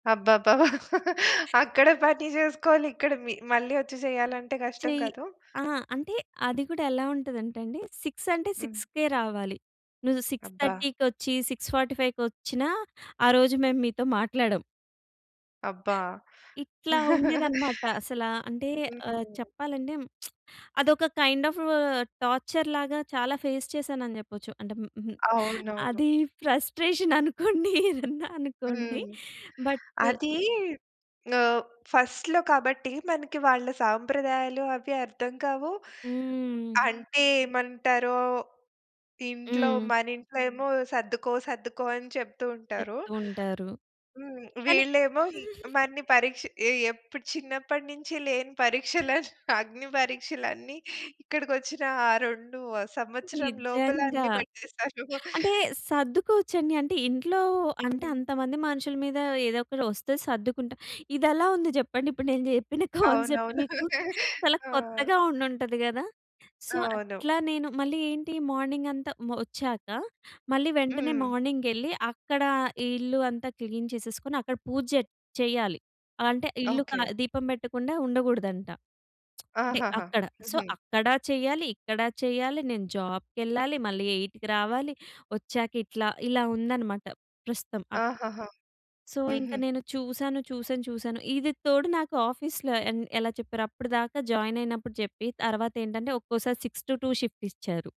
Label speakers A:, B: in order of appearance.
A: అబ్బబ్బబ్బా! అక్కడ పని చేసుకోవాలి ఇక్కడ మి మళ్ళీ వచ్చి చేయాలంటే కష్టం
B: చెయ్
A: కాదు.
B: అహా! అంటే అది కూడా ఎలా ఉంటదంటండి, 6 అంటే
A: హ్మ్.
B: 6కే రావాలి. నువ్వు సిక్స్
A: అబ్బా!
B: థర్టీకొచ్చి, 6:45కి వచ్చినా ఆ రోజు మేము మీతో మాట్లాడం.
A: అబ్బా!
B: ఇట్లా ఉండేదనమాట. అసల అంటే ఆహ్,
A: హ్మ్.
B: చెప్పాలంటే అదొక కైండ్ అఫ్, టార్చర్‌ లాగా చాలా ఫేస్ చేశానని చెప్పొచ్చు. అంటే హ్మ్, హ్మ్.
A: అవునవును.
B: అది ఫ్రస్ట్రేషన్ అనుకోండి, ఏదన్నా అనుకోండి.
A: హ్మ్.
B: బట్
A: అది ఆహ్, ఫస్ట్‌లో కాబట్టి మనకి వాళ్ళ సాంప్రదాయాలు అవి అర్థం కావు.
B: హ్మ్.
A: అంటే ఏమంటారో, ఇంట్లో
B: హ్మ్.
A: మనింట్లో ఏమో సర్దుకో, సర్దుకో అని చెప్తూ ఉంటారు.
B: చెప్తూ ఉంటారు.
A: హ్మ్.
B: కాని
A: వీళ్ళేమో ఇ మన్ని పరీక్ష ఎ ఎప్పుడు చిన్నప్పటి నుంచి లేని పరీక్షలన్ అగ్ని పరీక్షలన్నీ ఇక్కడికొచ్చిన ఆ 2 సంవత్సరం లోపల
B: నిజంగా.
A: అన్ని పెట్టేస్తారు.
B: అంటే సర్దుకోవచ్చండి. అంటే ఇంట్లో అంటే,
A: హ్మ్.
B: అంతమంది మనుషుల మీద ఏదో ఒకటి వస్తే సర్దుకుంటా ఇది ఎలా ఉంది చెప్పండి. ఇప్పుడు నేను చెప్పిన కాన్సెప్ట్
A: అవునవును.
B: మీకు. చాలా
A: ఆ!
B: కొత్తగా ఉండుంటది గద. సో
A: అవును.
B: అట్లా నేను మళ్ళీ ఏంటి మార్నింగ్ అంతా మ్ ఒచ్చాక మళ్ళీ వెంటనే
A: హ్మ్.
B: మార్నింగ్ వెళ్లి, అక్కడ ఈ ఇల్లు అంతా క్లీన్ చేసేసుకొని అక్కడ పూజ జె చెయ్యాలి. అంటే ఇల్లు క
A: ఓకె.
B: దీపం పెట్టకుండా ఉండకూడదంట. అంటే
A: ఆహాహా!
B: అక్కడ. సో
A: హుహు.
B: అక్కడ చెయ్యాలి, ఇక్కడ చెయ్యాలి, నేను జాబ్‌కెళ్ళాలి. మళ్ళీ 8కి రావాలి. ఒచ్చాక ఇట్లా ఇలా ఉందన్నమాట ప్రస్తుతం. అ
A: ఆహాహా!
B: సో ఇంకా
A: హుహు.
B: నేను చూసాను, చూసాను, చూసాను. ఇది తోడు నాకు ఆఫీస్‌లో ఎ ఎలా చెప్పారో అప్పటిదాకా జాయిన్ అయినప్పుడు చెప్పి తర్వాత ఏంటంటే ఒక్కోసారి 6-2 షిఫ్ట్ ఇచ్చారు.